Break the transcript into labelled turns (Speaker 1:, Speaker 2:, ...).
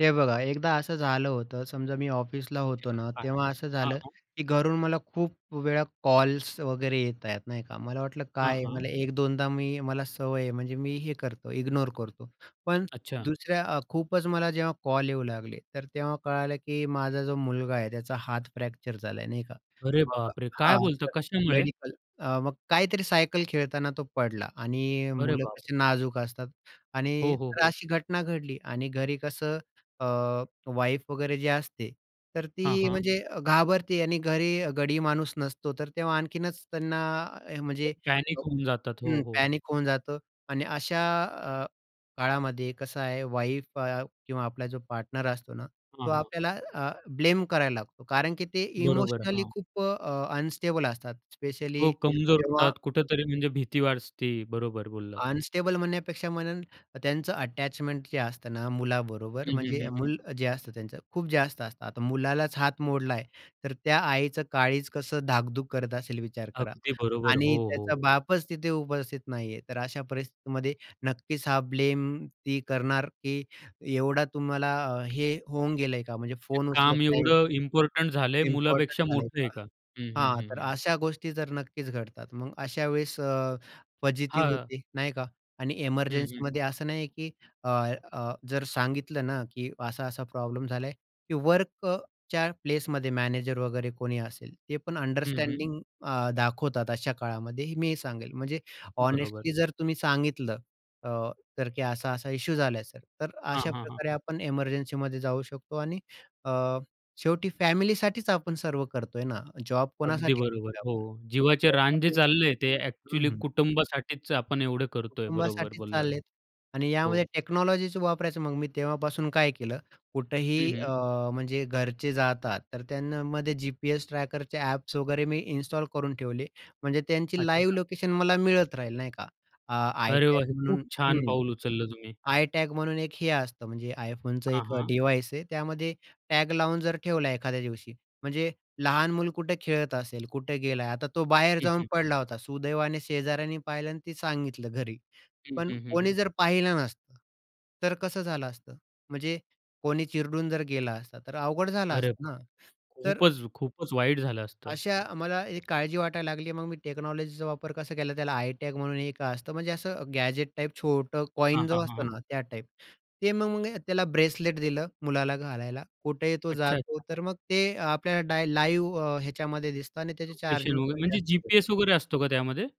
Speaker 1: हे बघा एकदा असं झालं होतं. समजा मी ऑफिसला होतो ना,
Speaker 2: [unintelligible]
Speaker 1: तेव्हा असं
Speaker 2: हां,
Speaker 1: झालं
Speaker 2: हां.
Speaker 1: की घरून मला खूप वेळा कॉल्स वगैरे येत आहेत, नाही का? मला वाटलं
Speaker 2: हां,
Speaker 1: काय आहे
Speaker 2: हां.
Speaker 1: मला एक-दोनदा मी मला सवय आहे म्हणजे मी हे करतो, इग्नोर करतो. पण
Speaker 2: अच्छा.
Speaker 1: दुसऱ्या अ, खूपच मला जेव्हा कॉल येऊ लागले, तर तेव्हा कळालं की माझा जो मुलगा आहे. त्याचा हात फ्रॅक्चर झालाय, नाही का?
Speaker 2: अरे
Speaker 1: मग अ,
Speaker 2: बापरे! काय
Speaker 1: हां,
Speaker 2: बोलता
Speaker 1: तर
Speaker 2: कशामुळे?
Speaker 1: मेडिकल अ, मग काहीतरी सायकल खेळताना तो पडला आणि
Speaker 2: अरे
Speaker 1: मुलं
Speaker 2: बापरे!
Speaker 1: कशी नाजूक असतात आणि
Speaker 2: हो, हो,
Speaker 1: तर
Speaker 2: हो.
Speaker 1: अशी घटना घडली आणि घरी कसं अ, वाईफ वगैरे जे असते, तर
Speaker 2: हां,
Speaker 1: ती
Speaker 2: हां.
Speaker 1: म्हणजे अ, घाबरते आणि घरी गडी माणूस नसतो, तर तेव्हा आणखीनच त्यांना अ, म्हणजे
Speaker 2: पॅनिक होऊन जातात. हो,
Speaker 1: हं,
Speaker 2: हो.
Speaker 1: पॅनिक होऊन जातं आणि अशा अ, काळामध्ये कसं आहे वाईफ अ, किंवा आपला जो पार्टनर असतो ना,
Speaker 2: हां,
Speaker 1: तो
Speaker 2: हां.
Speaker 1: आपल्याला अ, ब्लेम करायला लागतो कारण की ते
Speaker 2: बरोबर.
Speaker 1: इमोशनली
Speaker 2: हां.
Speaker 1: खूप अ, अ, अनस्टेबल असतात.
Speaker 2: हो,
Speaker 1: स्पेशली
Speaker 2: कमजोर
Speaker 1: जेव्हा
Speaker 2: होतात कुठेतरी म्हणजे भीती वाटते. बरोबर बोललात.
Speaker 1: अनस्टेबल म्हणण्यापेक्षा म्हणेल त्यांचं अटॅचमेंट जे असतं ना मुलाबरोबर,
Speaker 2: हं, हं,
Speaker 1: म्हणजे
Speaker 2: हं, हं.
Speaker 1: मूल जे असतं त्यांचं खूप जास्त असतं. आता मुलालाच हात मोडलाय, तर त्या आईचं काळीज कसं धाकधूक करत असेल विचार करा.
Speaker 2: अगदी बरोबर.
Speaker 1: आणि
Speaker 2: हो, हो,
Speaker 1: त्याचा
Speaker 2: हो.
Speaker 1: बापच तिथे उपस्थित नाहीये, तर अशा परिस्थितीमध्ये नक्कीच, हा ब्लेम ती करणार की एवढा तुम्हाला हे होऊन गेलंय का म्हणजे
Speaker 2: म्हणजे
Speaker 1: फोन उचलत
Speaker 2: काम
Speaker 1: नाही.
Speaker 2: एवढं इम्पोर्टंट झालंय
Speaker 1: इम्पोर्टंट
Speaker 2: मुलापेक्षा
Speaker 1: झाले
Speaker 2: मोठं आहे
Speaker 1: का.
Speaker 2: का? हं, हं,
Speaker 1: हां,
Speaker 2: हं,
Speaker 1: तर
Speaker 2: हं.
Speaker 1: अशा गोष्टी तर नक्कीच घडतात. मग अशा वेळेस अ, फजिती
Speaker 2: हां.
Speaker 1: होते नाही का आणि
Speaker 2: हं, हं.
Speaker 1: एमर्जन्सीमध्ये असं नाहीये की अ, अ, जर सांगितलं ना की असा-असा प्रॉब्लेम झालाय की वर्क अ, च्या प्लेसमध्ये मॅनेजर वगैरे कोणी असेल, ते पण
Speaker 2: हं, हं.
Speaker 1: अंडरस्टँडिंग अ, दाखवतात अशा काळामध्ये मी हे सांगेल. म्हणजे
Speaker 2: बरोबर.
Speaker 1: हॉनेस्टली जर तुम्ही सांगितलं अ, तर की असा-असा इश्यू झालाय, सर. तर
Speaker 2: हां, हां, हां.
Speaker 1: अशाप्रकारे आपण एमर्जन्सीमध्ये जाऊ शकतो आणि अ, शेवटी फॅमिलीसाठीच आपण सर्व करतोय ना. जॉब
Speaker 2: अगदी
Speaker 1: कोणासाठी
Speaker 2: बरोबर.
Speaker 1: करतोय
Speaker 2: हो,
Speaker 1: आपण?
Speaker 2: जीवाचे रान जे
Speaker 1: त्याच्यामुळे
Speaker 2: चालले आहे, ते
Speaker 1: [unintelligible] हं,
Speaker 2: अ‍ॅक्चुअली
Speaker 1: हं.
Speaker 2: कुटुंबासाठीच आपण एवढे करतोय. बरोबर
Speaker 1: कुटुंबासाठीच
Speaker 2: बोललात.
Speaker 1: चाललेत. आणि
Speaker 2: हो.
Speaker 1: यामध्ये टेक्नॉलॉजीच वापरायचं. मग मी तेव्हापासून काय केलं,
Speaker 2: हं,
Speaker 1: कुठेही अ,
Speaker 2: हं.
Speaker 1: म्हणजे घरचे जातात, तर त्यानं मध्ये जी-पी-एस ट्रॅकरचे ॲप्स वगैरे मी इन्स्टॉल करून ठेवले. म्हणजे त्यांची लाईव्ह
Speaker 2: अच्छा.
Speaker 1: लोकेशन मला मिळत राहील, नाही का? अ,
Speaker 2: अरे वाह!
Speaker 1: iTag
Speaker 2: हे खूप
Speaker 1: म्हणून
Speaker 2: छान
Speaker 1: हं,
Speaker 2: पाऊल उचललं तुम्ही.
Speaker 1: iTag म्हणून एक हे असतं, म्हणजे iPhoneचं
Speaker 2: हां,
Speaker 1: एक अ,
Speaker 2: हां.
Speaker 1: डिव्हाइस आहे. त्यामध्ये टॅग लावून जर ठेवला एखाद्या दिवशी, म्हणजे लहान मूल कुठे खेळत असेल, कुठे गेलाय, आता तो बाहेर
Speaker 2: हं,
Speaker 1: जाऊन
Speaker 2: हं.
Speaker 1: पडला होता. सुदैवाने शेजाऱ्याने पाहिलं आणि ते सांगितलं घरी.
Speaker 2: हं,
Speaker 1: पण
Speaker 2: हं, हं,
Speaker 1: कोणी
Speaker 2: हं.
Speaker 1: जर पाहिलं नसतं, तर कसं झालं असतं? म्हणजे कोणी चिरडून जर गेला असता, तर अवघड झालं
Speaker 2: अरे
Speaker 1: असतं
Speaker 2: बाप
Speaker 1: ना? तर
Speaker 2: खूपच खूपच वाईट झालं असतं.
Speaker 1: अशा अ, मला एक काळजी वाटायला लागली. मग मी टेक्नॉलॉजीचा वापर कसा केला, त्याला iTag म्हणून एक असतं. म्हणजे असं गॅजेट टाइप छोटं
Speaker 2: हां,
Speaker 1: कॉइन जो
Speaker 2: हां, हां, हां.
Speaker 1: असतं ना, त्या टाइप. ते मग त्याला ब्रेसलेट दिलं, मुलाला घालायला, कुठेही तो
Speaker 2: अच्छा,
Speaker 1: जातो,
Speaker 2: अच्छा.
Speaker 1: तर मग ते आपल्याला डाय लाईव अ, ह्याच्यामध्ये दिसतं आणि त्याची
Speaker 2: लोकेशन
Speaker 1: चार्जिंग
Speaker 2: वगैरे
Speaker 1: पण
Speaker 2: म्हणजे
Speaker 1: जास्त [unintelligible]
Speaker 2: जी-पी-एस वगैरे असतो का त्यामध्ये?